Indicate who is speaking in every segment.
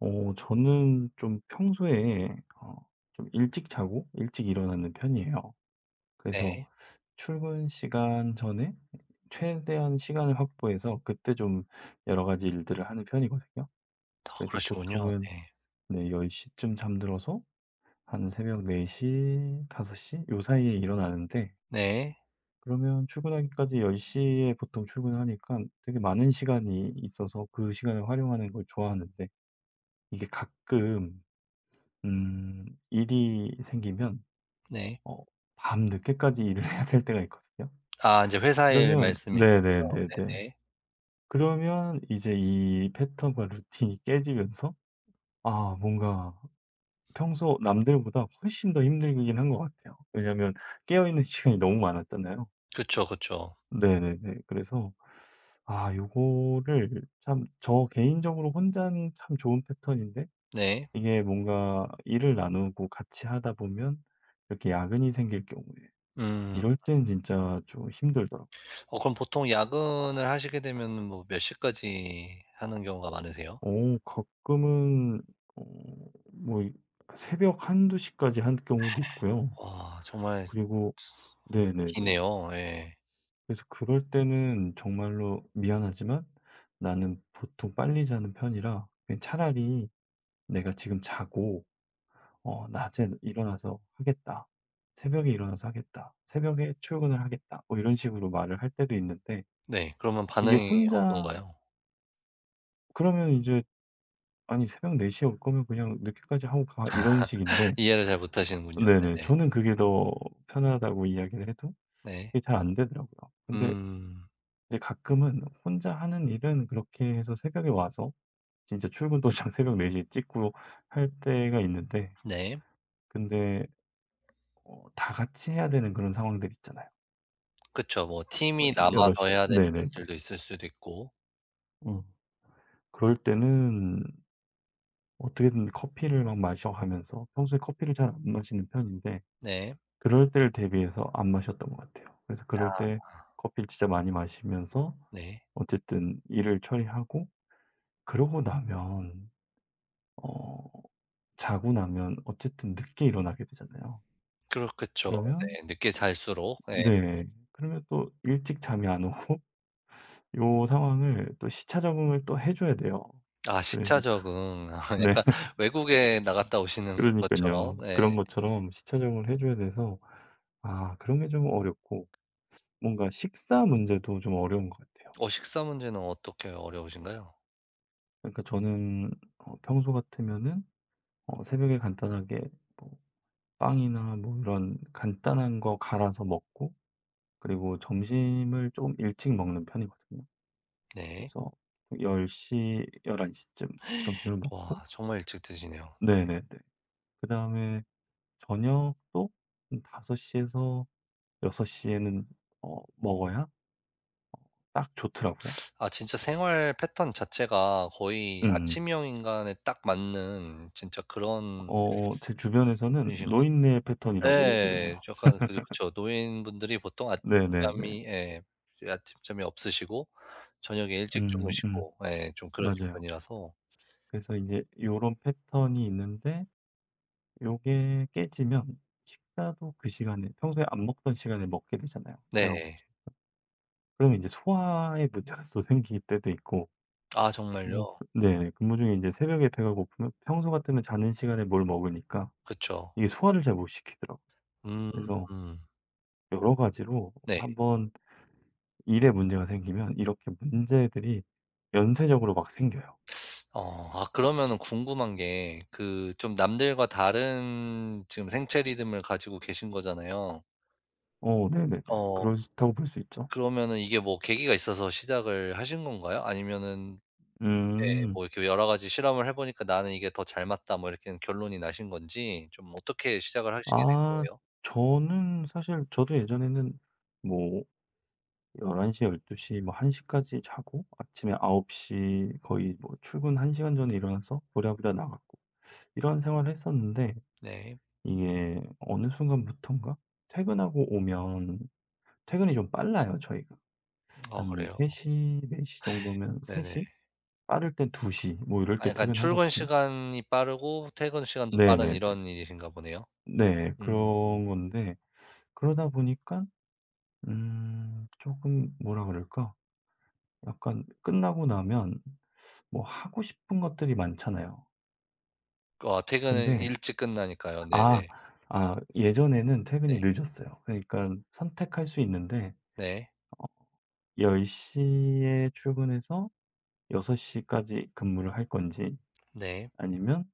Speaker 1: 어 저는 좀 평소에 어 좀 일찍 자고 일찍 일어나는 편이에요. 그래서
Speaker 2: 네.
Speaker 1: 출근 시간 전에 최대한 시간을 확보해서 그때 좀 여러 가지 일들을 하는 편이거든요.
Speaker 2: 아
Speaker 1: 그래서
Speaker 2: 그러시군요.
Speaker 1: 보통은
Speaker 2: 네.
Speaker 1: 네 10 시쯤 잠들어서 한 새벽 4 시, 5 시 요 사이에 일어나는데
Speaker 2: 네.
Speaker 1: 그러면 출근하기까지 10 시에 보통 출근하니깐 되게 많은 시간이 있어서 그 시간을 활용하는 걸 좋아하는데. 이게 가끔 음 일이 생기면
Speaker 2: 네.
Speaker 1: 어 밤늦게까지 일을 해야 될 때가 있거든요.
Speaker 2: 아 인제 회사일
Speaker 1: 그러면
Speaker 2: 말씀이죠?
Speaker 1: 네네네네.
Speaker 2: 네네.
Speaker 1: 그러면 이제 이 패턴과 루틴이 깨지면서 아 뭔가 평소 남들보다 훨씬 더 힘들긴 한 것 같아요. 왜냐면 깨어있는 시간이 너무 많았잖아요.
Speaker 2: 그쵸, 그쵸.
Speaker 1: 네네네. 그래서 아 요거를 참 저 개인적으로 혼자는 참 좋은 패턴인데
Speaker 2: 네.
Speaker 1: 이게 뭔가 일을 나누고 같이 하다 보면 이렇게 야근이 생길 경우에
Speaker 2: 음.
Speaker 1: 이럴 땐 진짜 좀 힘들더라.
Speaker 2: 어 그럼 보통 야근을 하시게 되면은 뭐 몇 시까지 하는 경우가 많으세요?
Speaker 1: 어 가끔은 어 뭐 이 그 새벽 1-2 시까지 할 경우도 있고요.
Speaker 2: 와 정말 참
Speaker 1: 그리고 네네네.
Speaker 2: 기네요. 예.
Speaker 1: 그래서 그럴 때는 정말로 "미안하지만 나는 보통 빨리 자는 편이라 그냥 차라리 내가 지금 자고 어 낮에는 일어나서 하겠다, 새벽에 일어나서 하겠다. 새벽에 출근을 하겠다." 뭐 이런 식으로 말을 할 때도 있는데
Speaker 2: 네. 그러면
Speaker 1: 이게
Speaker 2: 반응이
Speaker 1: 혼자
Speaker 2: 어떤가요?
Speaker 1: 그러면 이제 "아니 새벽 4:00 에 올 거면 그냥 늦게까지 하고 가." 이런 식인데
Speaker 2: 이해를 잘 못하시는군요.
Speaker 1: 네네.
Speaker 2: 네네.
Speaker 1: 저는 그게 더 편하다고 이야기를 해도
Speaker 2: 네.
Speaker 1: 그게 잘 안되더라고요. 근데
Speaker 2: 음.
Speaker 1: 근데 가끔은 혼자 하는 일은 그렇게 해서 새벽에 와서 진짜 출근 도장 새벽 4:00 에 찍고 할 때가 있는데
Speaker 2: 네.
Speaker 1: 근데 어 다같이 해야 되는 그런 상황들 있잖아요.
Speaker 2: 그쵸. 뭐
Speaker 1: 뭐
Speaker 2: 팀이
Speaker 1: 좀
Speaker 2: 남아서
Speaker 1: 여럿이서
Speaker 2: 해야 될
Speaker 1: 네 네 네.
Speaker 2: 일들도 있을 수도 있고.
Speaker 1: 어 그럴 때는 어떻게든 커피를 막 마셔 가면서 평소에 커피를 잘 안 마시는 편인데
Speaker 2: 네.
Speaker 1: 그럴 때를 대비해서 안 마셨던 것 같아요. 그래서 그럴
Speaker 2: 아.
Speaker 1: 때 커피를 진짜 많이 마시면서
Speaker 2: 네.
Speaker 1: 어쨌든 일을 처리하고 그러고 나면 어 자고 나면 어쨌든 늦게 일어나게 되잖아요.
Speaker 2: 그렇겠죠.
Speaker 1: 그러면
Speaker 2: 네 늦게 잘수록 예.
Speaker 1: 네네. 그러면 또 일찍 잠이 안 오고 요 상황을 또 시차 적응을 또 해 줘야 돼요.
Speaker 2: 아 시차
Speaker 1: 그래서 참
Speaker 2: 적응. 아
Speaker 1: 네.
Speaker 2: 약간 외국에 나갔다 오시는 것처럼
Speaker 1: 그러니깐요.
Speaker 2: 예.
Speaker 1: 그런 것처럼 시차 적응을 해 줘야 돼서 아 그런 게 좀 어렵고 뭔가 식사 문제도 좀 어려운 것 같아요.
Speaker 2: 어 식사 문제는 어떻게 어려우신가요?
Speaker 1: 그러니까 저는 어 평소 같으면은 어 새벽에 간단하게 뭐 빵이나 뭐 이런 간단한 거 갈아서 먹고 그리고 점심을 좀 일찍 먹는 편이거든요.
Speaker 2: 네.
Speaker 1: 그래서 10, 11 시쯤 점심을 먹고
Speaker 2: 와 정말 일찍 드시네요.
Speaker 1: 네
Speaker 2: 네.
Speaker 1: 네 네. 그다음에 저녁도 한 5 시에서 6 시에는 어 먹어야 ...딱 좋더라고요.
Speaker 2: 아, 진짜 생활 패턴 자체가 거의
Speaker 1: 음음.
Speaker 2: 아침형 인간에 딱 맞는 진짜 그런
Speaker 1: 어 제 주변에서는
Speaker 2: 분이신 것 같
Speaker 1: 노인네 패턴이라고 얘기를
Speaker 2: 예예예.
Speaker 1: 해요.
Speaker 2: 약간 그죠, 그쵸. 노인분들이 보통
Speaker 1: 네 네 네.
Speaker 2: 아침잠이 예 이제 아침잠이 없으시고 저녁에 일찍
Speaker 1: 음 음.
Speaker 2: 주무시고 예 좀 그러신
Speaker 1: 맞아요.
Speaker 2: 편이라서
Speaker 1: 그래서 인제 요런 패턴이 있는데 요게 깨지면 식사도 그 시간에 평소에 안 먹던 시간에 먹게 되잖아요, 배가 고프
Speaker 2: 네.
Speaker 1: 그럼 인제 소화의 문제가 또 생길 때도 있고
Speaker 2: 아
Speaker 1: 뭐
Speaker 2: 정말요?
Speaker 1: 네네. 근무 중에 인제 새벽에 배가 고프면 평소 같으면 자는 시간에 뭘 먹으니까
Speaker 2: 그쵸.
Speaker 1: 이게 소화를 잘 못 시키더라고요.
Speaker 2: 음.
Speaker 1: 그래서
Speaker 2: 음.
Speaker 1: 여러 가지로
Speaker 2: 네.
Speaker 1: 1 번 일에 문제가 생기면 이렇게 문제들이 연쇄적으로 막 생겨요.
Speaker 2: 어. 아 그러면은 궁금한 게 그 좀 남들과 다른 지금 생체 리듬을 가지고 계신 거잖아요.
Speaker 1: 어, 네네네.
Speaker 2: 어.
Speaker 1: 그럴 수 있다고 볼 수 있죠.
Speaker 2: 그러면은 이게 뭐 계기가 있어서 시작을 하신 건가요 아니면은 예,
Speaker 1: 음.
Speaker 2: 뭐 이렇게 여러 가지 실험을 해 보니까 '나는 이게 더 잘 맞다.' 뭐 이렇게 결론이 나신 건지, 좀 어떻게 시작을 하시게 된
Speaker 1: 아,
Speaker 2: 거예요?
Speaker 1: 저는 사실 저도 예전에는 뭐 11:00 12:00 막 1:00 까지 자고 아침에 9:00 거의 뭐 출근 1 시간 전에 일어나서 부랴부랴 나갔고 이런 생활을 했었는데
Speaker 2: 네.
Speaker 1: 이게 어느 순간부터인가 퇴근하고 오면 퇴근이 좀 빨라요, 저희가.
Speaker 2: 아,
Speaker 1: 한
Speaker 2: 그래요?
Speaker 1: 3:00, 4:00 정도면 세
Speaker 2: 네네.
Speaker 1: 시? 빠를 땐 2:00 뭐 이럴
Speaker 2: 아,
Speaker 1: 때
Speaker 2: 그러니깐 출근
Speaker 1: 퇴근하거든요.
Speaker 2: 시간이 빠르고 퇴근 시간도 빠른
Speaker 1: 네네네.
Speaker 2: 이런 일이신가 보네요.
Speaker 1: 네,
Speaker 2: 음.
Speaker 1: 그런 건데 그러다 보니까 음 쪼끔 뭐라 그럴까? 약간 끝나고 나면 뭐 하고 싶은 것들이 많잖아요.
Speaker 2: 그 어, 퇴근은
Speaker 1: 근데
Speaker 2: 일찍 끝나니까요.
Speaker 1: 아,
Speaker 2: 네네.
Speaker 1: 아, 예전에는 퇴근이
Speaker 2: 네.
Speaker 1: 늦었어요. 그러니깐 선택할 수 있는데
Speaker 2: 네.
Speaker 1: 어, 10:00 에 출근해서 6:00 까지 근무를 할 건지
Speaker 2: 네.
Speaker 1: 아니면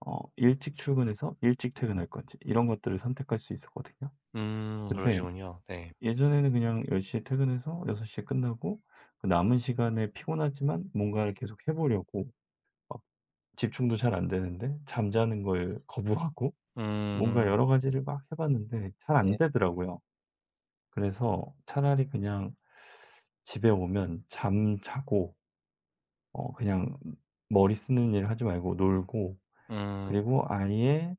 Speaker 1: 어, 일찍 출근해서 일찍 퇴근할 건지 이런 것들을 선택할 수 있었거든요.
Speaker 2: 음.
Speaker 1: 근데
Speaker 2: 그러시군요. 네.
Speaker 1: 예전에는 그냥 10:00 에 퇴근해서 6:00 에 끝나고 그 남은 시간에 피곤하지만 뭔가를 계속 해 보려고 막 집중도 잘 안 되는데 잠자는 걸 거부하고 뭔가
Speaker 2: 음.
Speaker 1: 여러 가지를 막 해 봤는데 잘 안
Speaker 2: 네.
Speaker 1: 되더라고요. '그래서 차라리 그냥 집에 오면 잠자고' '어 그냥 머리 쓰는 일 하지 말고 놀고
Speaker 2: 음.
Speaker 1: 그리고 아예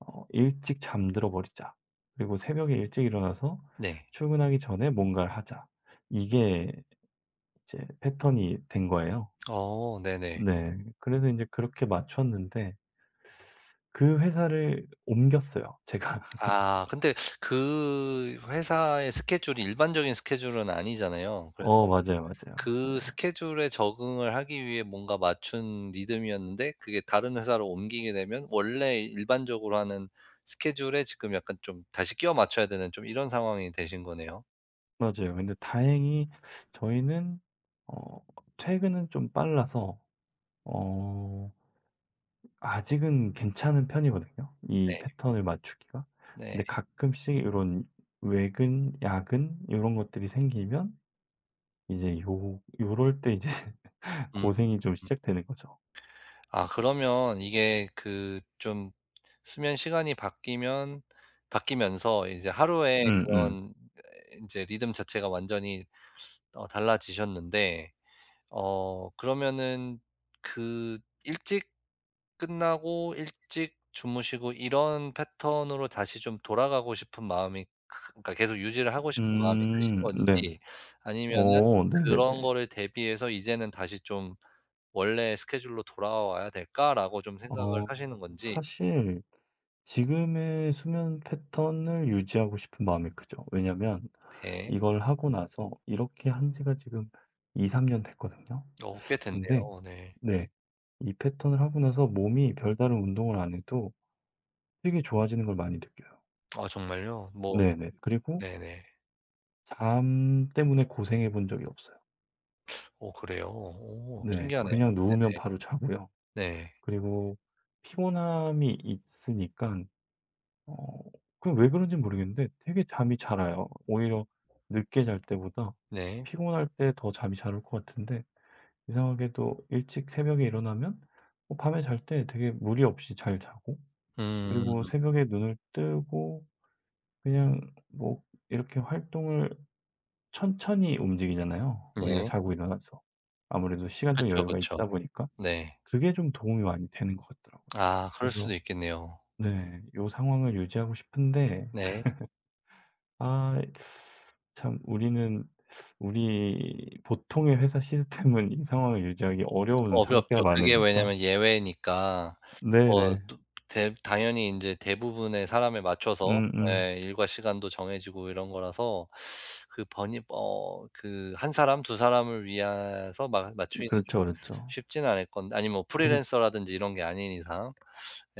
Speaker 1: 어, 일찍 잠들어 버리자. 그리고 새벽에 일찍 일어나서
Speaker 2: 네.
Speaker 1: 출근하기 전에 뭔가를 하자.' 이게 이제 패턴이 된 거예요.
Speaker 2: 어. 네네.
Speaker 1: 네, 그래서 인제 그렇게 맞췄는데 그 회사를 옮겼어요, 제가.
Speaker 2: 아, 근데 그 회사의 스케줄이 일반적인 스케줄은 아니잖아요. 그래서
Speaker 1: 어, 맞아요, 맞아요.
Speaker 2: 그
Speaker 1: 네.
Speaker 2: 스케줄에 적응을 하기 위해 뭔가 맞춘 리듬이었는데 그게 다른 회사로 옮기게 되면 원래 일반적으로 하는 스케줄에 지금 약간 좀 다시 끼워 맞춰야 되는 좀 이런 상황이 되신 거네요.
Speaker 1: 맞아요. 근데 다행히 저희는 어 퇴근은 좀 빨라서 어 ...아직은 괜찮은 편이거든요, 이
Speaker 2: 네.
Speaker 1: 패턴을 맞추기가.
Speaker 2: 네.
Speaker 1: 근데 가끔씩 요런 외근, 야근 요런 것들이 생기면 이제 요 요럴 때 이제
Speaker 2: 음.
Speaker 1: 고생이 좀 시작되는 거죠.
Speaker 2: 아 그러면 이게 그 좀 수면 시간이 바뀌면 바뀌면서 이제 하루에
Speaker 1: 음음.
Speaker 2: 그런 에 이제 리듬 자체가 완전히 어 달라지셨는데 어 그러면은 그 일찍 끝나고 일찍 주무시고 이런 패턴으로 다시 좀 돌아가고 싶은 마음이 크 그니까 계속 유지를 하고 싶은 마음이 크신
Speaker 1: 음 네네.
Speaker 2: 건지, 아니면은
Speaker 1: 어
Speaker 2: 그런
Speaker 1: 네네네.
Speaker 2: 거를 대비해서 '이제는 다시 좀 원래 스케줄로 돌아와야 될까?'라고 좀 생각을
Speaker 1: 어
Speaker 2: 하시는 건지
Speaker 1: 사실 지금의 수면 패턴을 유지하고 싶은 마음이 크죠. 왜냐면
Speaker 2: 네.
Speaker 1: 이걸 하고 나서 이렇게 한 지가 지금 2-3 년 됐거든요.
Speaker 2: 어 꽤
Speaker 1: 근데
Speaker 2: 됐네요. 네.
Speaker 1: 네 이 패턴을 하고 나서 몸이 별다른 운동을 안 해도 되게 좋아지는 걸 많이 느껴요.
Speaker 2: 어 정말요? 뭐
Speaker 1: 네네. 그리고
Speaker 2: 네네.
Speaker 1: 잠 때문에 고생해 본 적이 없어요.
Speaker 2: 어 그래요? 오
Speaker 1: 네.
Speaker 2: 신기하네요.
Speaker 1: 그냥 누우면
Speaker 2: 네네.
Speaker 1: 바로 자고요.
Speaker 2: 네.
Speaker 1: 그리고 피곤함이 있으니깐 어 그 왜 그런지 모르겠는데 되게 잠이 잘 와요. 오히려 늦게 잘 때보다
Speaker 2: 네.
Speaker 1: 피곤할 때 더 잠이 잘 올 것 같은데 이상하게도 일찍 새벽에 일어나면 어 밤에 잘 때 되게 무리 없이 잘 자고, 그리고
Speaker 2: 음.
Speaker 1: 새벽에 눈을 뜨고 그냥 뭐 이렇게 활동을 천천히 움직이잖아요, 우리가
Speaker 2: 네.
Speaker 1: 자고 일어나서. 아무래도 시간적
Speaker 2: 그쵸,
Speaker 1: 여유가
Speaker 2: 그쵸.
Speaker 1: 있다 보니까.
Speaker 2: 네.
Speaker 1: 그게 좀 도움이 많이 되는 것 같더라고요.
Speaker 2: 아, 그럴
Speaker 1: 그래서
Speaker 2: 수도 있겠네요.
Speaker 1: 네 요 상황을 유지하고 싶은데
Speaker 2: 네.
Speaker 1: 아 이 참 우리는 우리 보통의 회사 시스템은 이 상황을 유지하기 어려운 상태가
Speaker 2: 어렵죠. 그게
Speaker 1: 많으니까.
Speaker 2: 왜냐면 예외니까 어
Speaker 1: 네네.
Speaker 2: 두 대 당연히 이제 대부분의 사람에 맞춰서
Speaker 1: 음음.
Speaker 2: 예 일과 시간도 정해지고 이런 거라서 그 번이 뭐 그 1 사람, 2 사람을 위해서 마
Speaker 1: 음
Speaker 2: 맞추기는
Speaker 1: 그렇죠,
Speaker 2: 좀
Speaker 1: 그렇죠.
Speaker 2: 쉽지는 않을 건데 아님 뭐,
Speaker 1: 그래서
Speaker 2: 프리랜서라든지 이런 게 아닌 이상.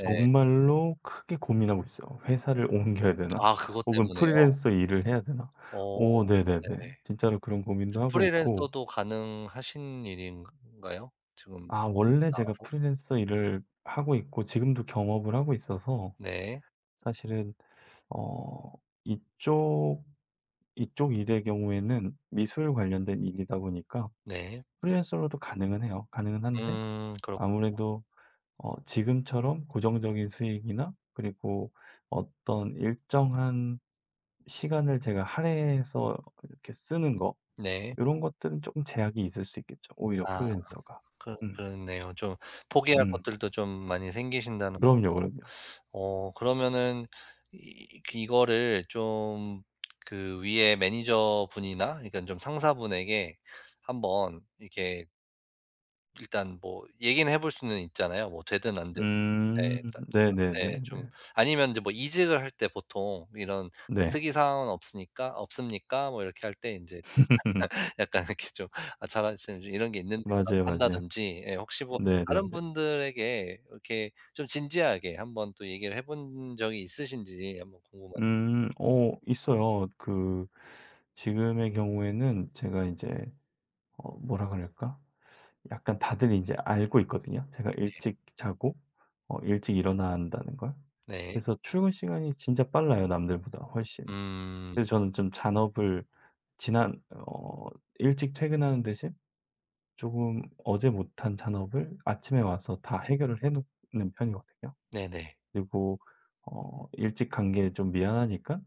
Speaker 2: 예.
Speaker 1: 크게 고민하고 있어요. 회사를 옮겨야 되나?
Speaker 2: 아, 그것
Speaker 1: 혹은
Speaker 2: 때문에요?
Speaker 1: 프리랜서 일을 해야 되나?
Speaker 2: 어
Speaker 1: 오 네네네.
Speaker 2: 네네.
Speaker 1: 진짜로 그런 고민도 하고 있고.
Speaker 2: 프리랜서도 가능하신 일인가요? 지금
Speaker 1: 아 원래 제가
Speaker 2: 나와서?
Speaker 1: 프리랜서 일을 하고 있고 지금도 겸업을 하고 있어서.
Speaker 2: 네.
Speaker 1: 사실은 어 이쪽, 이쪽 일의 경우에는 미술 관련된 일이다 보니까
Speaker 2: 네.
Speaker 1: 프리랜서로도 가능은 해요. 가능은 한데
Speaker 2: 음. 그렇
Speaker 1: 아무래도 어 지금처럼 고정적인 수익이나 그리고 어떤 일정한 시간을 제가 할애해서 이렇게 쓰는 거
Speaker 2: 네.
Speaker 1: 요런 것들은 조금 제약이 있을 수 있겠죠, 오히려
Speaker 2: 아.
Speaker 1: 프리랜서가.
Speaker 2: 그러
Speaker 1: 음.
Speaker 2: 그렇네요. 좀 포기할
Speaker 1: 음.
Speaker 2: 것들도 좀 많이 생기신다는
Speaker 1: 그럼요, 그럼요.
Speaker 2: 어 그러면은 이 그 이 이거를 좀 그 위에 매니저분이나 그러니까는 좀 상사분에게 한번 이렇게 일단 뭐 얘기는 해 볼 수는 있잖아요 뭐 되든 안 되든. 네
Speaker 1: 음
Speaker 2: 일단 아 네 좀
Speaker 1: 네네네네네.
Speaker 2: 아니면 인제 뭐 이직을 할 때 보통 이런
Speaker 1: 네.
Speaker 2: "특이 사항은 없으니까 없습니까?" 뭐 이렇게 할 때 인제 좀 약간 이렇게 좀 "아 자만심 좀 이런 게 있는데요."라고
Speaker 1: 맞아요, 맞아요.
Speaker 2: 한다든지 예. 혹시 뭐 다른
Speaker 1: 네네네.
Speaker 2: 분들에게 이렇게 좀 진지하게 한번 또 얘기를 해 본 적이 있으신지 한번 궁금하
Speaker 1: 음 어 있어요. 그 지금의 경우에는 제가 인제 어 뭐라 그럴까? 약간 다들 인제 알고 있거든요 제가
Speaker 2: 네.
Speaker 1: 일찍 자고 어 일찍 일어난다는 걸.
Speaker 2: 네.
Speaker 1: 그래서 출근 시간이 진짜 빨라요 남들보다 훨씬.
Speaker 2: 음.
Speaker 1: 그래서 저는 좀 잔업을 지난 어 일찍 퇴근하는 대신 조금 어제 못한 잔업을 아침에 와서 다 해결을 해 놓는 편이거든요.
Speaker 2: 네네.
Speaker 1: 그리고 어 일찍 간 게 좀 미안하니까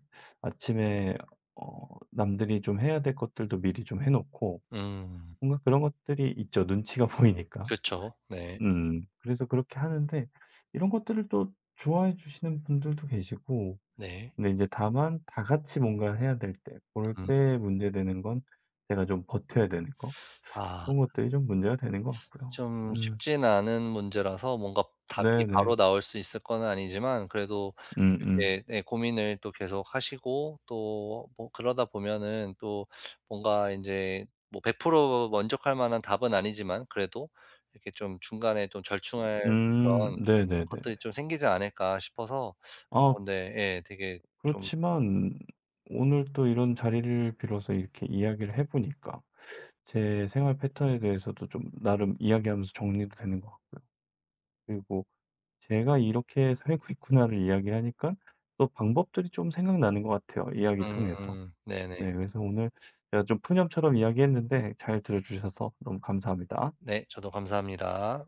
Speaker 1: 아침에 어 남들이 좀 해야 될 것들도 미리 좀 해 놓고
Speaker 2: 음.
Speaker 1: 뭔가 그런 것들이 있죠 눈치가 보이니까.
Speaker 2: 그쵸. 네.
Speaker 1: 음 그래서 그렇게 하는데 이런 것들을 또 좋아해 주시는 분들도 계시고
Speaker 2: 네.
Speaker 1: 근데 이제 다만 다 같이 뭔가를 해야 될 때 그럴
Speaker 2: 음.
Speaker 1: 때 문제 되는 건 제가 좀 버텨야 되는 거
Speaker 2: 아.
Speaker 1: 그런 것들이 좀 문제가 되는 것 같고요.
Speaker 2: 좀
Speaker 1: 음.
Speaker 2: 쉽지는 않은 문제라서 뭔가 답이 바로
Speaker 1: 네네.
Speaker 2: 나올 수 있을 거는 아니지만 그래도
Speaker 1: 음음.
Speaker 2: 그게 네 고민을 또 계속 하시고 또 어 뭐 그러다 보면은 또 뭔가 인제 뭐 100% 만족할 만한 답은 아니지만 그래도 이렇게 좀 중간에 좀 절충할
Speaker 1: 음.
Speaker 2: 그런 것들이
Speaker 1: 네네네네.
Speaker 2: 좀 생기지 않을까 싶어서 어
Speaker 1: 아.
Speaker 2: 근데 예 되게 좀
Speaker 1: 그렇지만 오늘 또 이런 자리를 빌어서 이렇게 이야기를 해 보니까 제 생활 패턴에 대해서도 좀 나름 이야기하면서 정리도 되는 것 같고요. 그리고 제가 '이렇게 살고 있구나.'를 이야기하니까 또 방법들이 좀 생각나는 것 같아요 이야기 통해서.
Speaker 2: 음 네네.
Speaker 1: 네 그래서 오늘 제가 좀 푸념처럼 이야기했는데 잘 들어 주셔서 너무 감사합니다.
Speaker 2: 네 저도 감사합니다.